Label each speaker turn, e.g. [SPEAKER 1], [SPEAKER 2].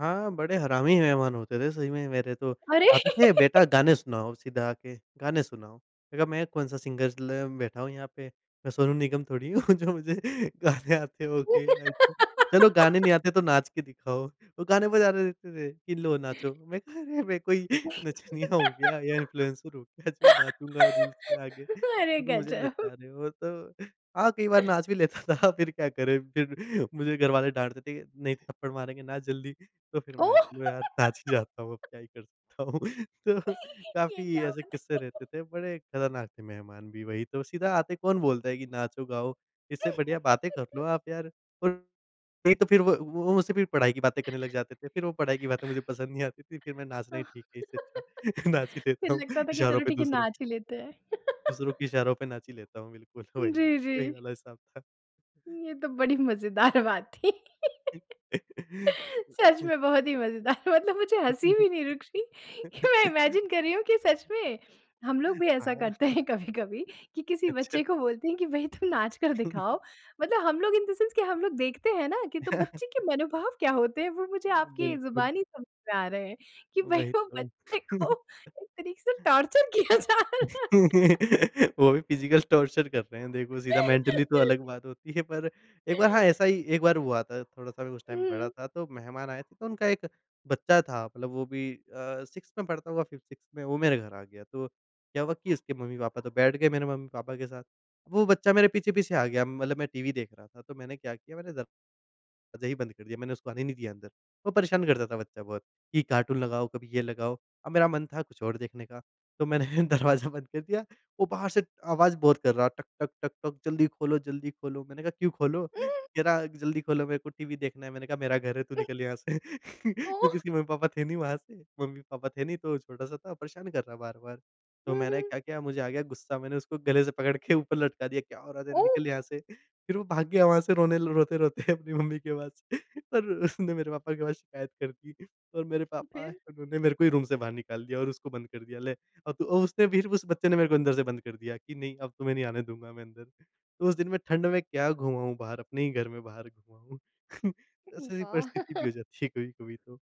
[SPEAKER 1] हाँ, बड़े हरामी मेहमान होते थे, सही में मेरे तो।
[SPEAKER 2] अरे!
[SPEAKER 1] आते थे, "बेटा, गाने सुनाओ।" सीधा आके गाने सुनाओ। मैंने कहा, "मैं कौन-सा सिंगर ल बैठा हूँ यहाँ पे। मैं सोनू निगम थोड़ी हूँ, जो मुझे गाने आते होंगे।" [unintelligible] "चलो, गाने नहीं आते, तो नाच के दिखाओ।" वो गाने बजा दे देते थे कि, "लो, नाचो।" मैंने कहा, "अरे! मैं कोई नचनिया हूँ क्या, या इन्फ्लुएंसर हूँ क्या, जो नाचूँगा रील्स में आके,
[SPEAKER 2] अरे,
[SPEAKER 1] जो तुम मुझे
[SPEAKER 2] गज़ब!
[SPEAKER 1] नचा रहे हो?" तो हाँ, कई बार नाच भी लेता था। फिर क्या करें, फिर? मुझे घर वाले डाँटते थे कि, "नहीं तो थप्पड़ मारेंगे, नाच जल्दी।" तो फिर मैं,
[SPEAKER 2] ओह!
[SPEAKER 1] "लो यार, नाच ही जाता हूँ। अब क्या ही कर सकता हूँ? तो
[SPEAKER 2] ये
[SPEAKER 1] काफ़ी
[SPEAKER 2] क्या
[SPEAKER 1] ऐसे
[SPEAKER 2] बात है?
[SPEAKER 1] किस्से रहते थे। बड़े खतरनाक थे मेहमान भी। वही तो, सीधा आते ही कौन बोलता है कि नाचो-गाओ? इससे बढ़िया बातें कर लो आप, यार। और नहीं, तो फिर व वो मुझसे फ़िर पढ़ाई की बातें करने लग जाते थे। फिर वो पढ़ाई की बातें मुझे पसंद नहीं आती थी। फिर मैं, नाचना ही ठीक है, इससे अच्छा। नाच ही
[SPEAKER 2] फिर
[SPEAKER 1] लेता हूँ,
[SPEAKER 2] लगता था कि,
[SPEAKER 1] इशारों
[SPEAKER 2] "चलो,
[SPEAKER 1] पे
[SPEAKER 2] ठीक है,
[SPEAKER 1] दूसरों
[SPEAKER 2] नाच ही लेते हैं।"
[SPEAKER 1] दूसरों के इशारों पे नाच ही लेता हूँ, बिल्कुल, वही।
[SPEAKER 2] जी,
[SPEAKER 1] वही
[SPEAKER 2] जी।
[SPEAKER 1] वाला हिसाब था।
[SPEAKER 2] ये तो बड़ी मज़ेदार बात थी। सच में, बहुत ही मज़ेदार। मतलब मुझे हँसी भी नहीं रुक रही कि मैं इमेजिन कर रही हूँ कि सच में, हम लोग भी ऐसा
[SPEAKER 1] हाँ।
[SPEAKER 2] करते हैं कभी-कभी, कि किसी
[SPEAKER 1] अच्छा।
[SPEAKER 2] बच्चे को बोलते हैं कि, "भई, तुम नाच कर दिखाओ।" मतलब हम लोग इन द सेंस कि हम लोग देखते हैं ना, कि तो बच्चे के मनोभाव क्या होते हैं, वो मुझे आपकी
[SPEAKER 1] बिल्कुल।
[SPEAKER 2] ज़ुबानी समझ में आ रहे हैं कि भई,
[SPEAKER 1] वही
[SPEAKER 2] वो
[SPEAKER 1] तो।
[SPEAKER 2] बच्चे को एक तरीके से टॉर्चर किया जा रहा है।
[SPEAKER 1] वो भी फिज़िकल टॉर्चर कर रहे हैं, देखो सीधा। मेंटली तो अलग बात होती है, पर एक बार, हाँ, ऐसा ही एक बार हुआ था। थोड़ा-सा मैं उस
[SPEAKER 2] उह
[SPEAKER 1] टाइम बड़ा
[SPEAKER 2] हुँ।
[SPEAKER 1] था, तो मेहमान आए थे, तो उनका एक बच्चा था। मतलब वो भी अ, 6th में पढ़ता होगा, 5th-6th में, वो मेरे घर आ गया। तो क्या हुआ कि उसके मम्मी-पापा तो बैठ गए, मेरे मम्मी-पापा के साथ। वो बच्चा मेरे पीछे-पीछे आ गया। मतलब मैं टीवी देख रहा था, तो मैंने क्या किया, मैंने दरवाज़ा ही बंद कर दिया। मैंने उसको आने नहीं दिया अंदर। वो परेशान करता था बच्चा बहुत, कि कार्टून लगाओ, कभी ये लगाओ। अब मेरा मन था कुछ और देखने का। तो मैंने दरवाज़ा बंद कर दिया। वो बाहर से आवाज़ बहुत कर रहा, टक, टक, टक, टक, "जल्दी खोलो, जल्दी खोलो।" मैंने कहा, "क्यों खोलो?" कह रहा, "जल्दी खोलो, मेरे को टीवी देखना है।" मैंने कहा, "मेरा घर है, तू
[SPEAKER 2] हुँ।
[SPEAKER 1] निकल यहाँ से।" क्योंकि
[SPEAKER 2] तो?
[SPEAKER 1] इसके मम्मी-पापा थे नहीं वहाँ से। मम्मी-पापा थे नहीं, तो छोटा-सा था, परेशान कर रहा बार-बार। तो
[SPEAKER 2] हुँ,
[SPEAKER 1] मैंने
[SPEAKER 2] हुँ।
[SPEAKER 1] क्या किया, मुझे आ गया गुस्सा। मैंने उसको गले से पकड़ के ऊपर लटका दिया, "क्या हो रहा है तेरे? निकल
[SPEAKER 2] ओह!
[SPEAKER 1] यहाँ से।" फिर वो भाग गया वहाँ से, रोने ल रोते-रोते अपनी मम्मी के पास और उसने मेरे पापा के पास शिकायत कर दी। और मेरे पापा आए,
[SPEAKER 2] फिर?
[SPEAKER 1] उन्होंने मेरे को ही रूम से बाहर निकाल दिया और उसको बंद कर दिया, "ले, अब तू" और उसने फिर, उस बच्चे ने मेरे को अंदर से बंद कर दिया कि, "नहीं, अब तुम्हें नहीं आने दूँगा मैं अंदर।" तो उस दिन मैं ठंड में क्या घुमा हूँ बाहर, अपने ही घर में बाहर घुमा हूँ। ऐसी-ऐसी
[SPEAKER 2] वाह!
[SPEAKER 1] परिस्थिति भी हो जाती है कभी-कभी तो।